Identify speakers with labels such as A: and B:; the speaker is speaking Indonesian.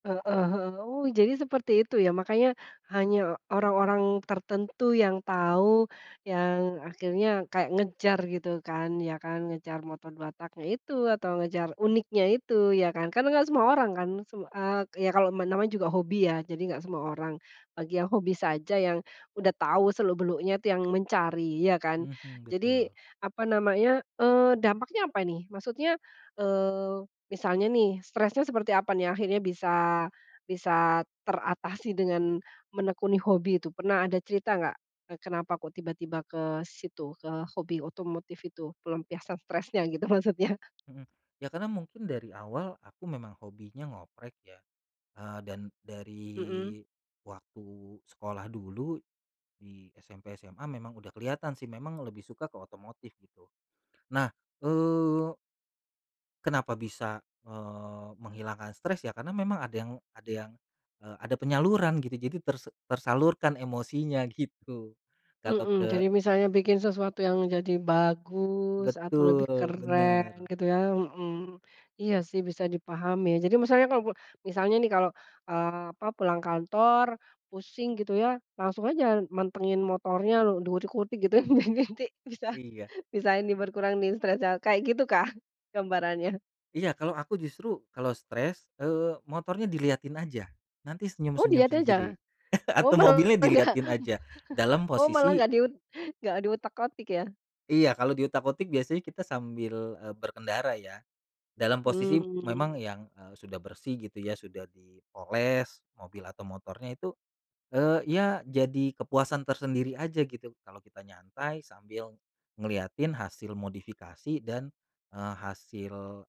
A: Heeh he oh jadi seperti itu ya, makanya hanya orang-orang tertentu yang tahu, yang akhirnya kayak ngejar gitu kan, ya kan, ngejar motor 2-tak-nya itu, atau ngejar uniknya itu ya kan, karena enggak semua orang kan, sem eee, ya kalau me namanya juga hobi ya, jadi enggak semua orang, bagi yang hobi saja yang udah tahu seluk beluknya itu yang mencari ya kan.
B: Mhm,
A: Jadi
B: betul.
A: apa namanya, eee, dampaknya apa ini maksudnya, eee, misalnya nih stresnya seperti apa nih akhirnya bisa bisa teratasi dengan menekuni hobi itu, pernah ada cerita enggak kenapa kok tiba-tiba ke situ, ke hobi otomotif itu, pelampiasan stresnya gitu maksudnya?
B: Mhm, ya karena mungkin dari awal aku memang hobinya ngoprek ya, eee, dan
A: Mhm.
B: dari waktu sekolah dulu di SMP, SMA, memang udah kelihatan sih, memang lebih suka ke otomotif gitu. Nah, eee kenapa bisa, eee, menghilangkan stres, ya karena memang ada yang ada yang eee, ada penyaluran gitu jadi tersa tersalurkan emosinya gitu, gak tau
A: Mhm,
B: ke
A: jadi misalnya bikin sesuatu yang jadi bagus atau lebih
B: Betul,
A: keren
B: bener.
A: gitu ya. Mhm, iya sih bisa dipahami, jadi misalnya kalau misalnya nih kalau, eee, apa, pulang kantor pusing gitu ya langsung aja mantengin motornya, lo dikulik-kulik gitu ya, biar nanti bisa
B: Iya.
A: bisa ini berkurang nih stresnya, kayak gitu kah gambarannya?
B: Iya, kalau aku justru kalau stres, eee, motornya diliatin aja, nanti
A: Oh
B: senyum-senyum
A: dilihat aja?
B: sendiri.
A: Oh
B: Atau
A: malah
B: mobilnya
A: enggak m
B: diliatin aja dalam
A: oh malah
B: posisi
A: enggak di ut enggak di utak-atik ya.
B: Iya kalau diutak-atik biasanya kita sambil, eee, berkendara ya dalam posisi
A: Hmm.
B: memang yang, eee, sudah bersih gitu ya, sudah dipoles mobil atau motornya itu, eee, ya jadi kepuasan tersendiri aja gitu kalau kita nyantai sambil ngeliatin hasil modifikasi dan, eee, hasil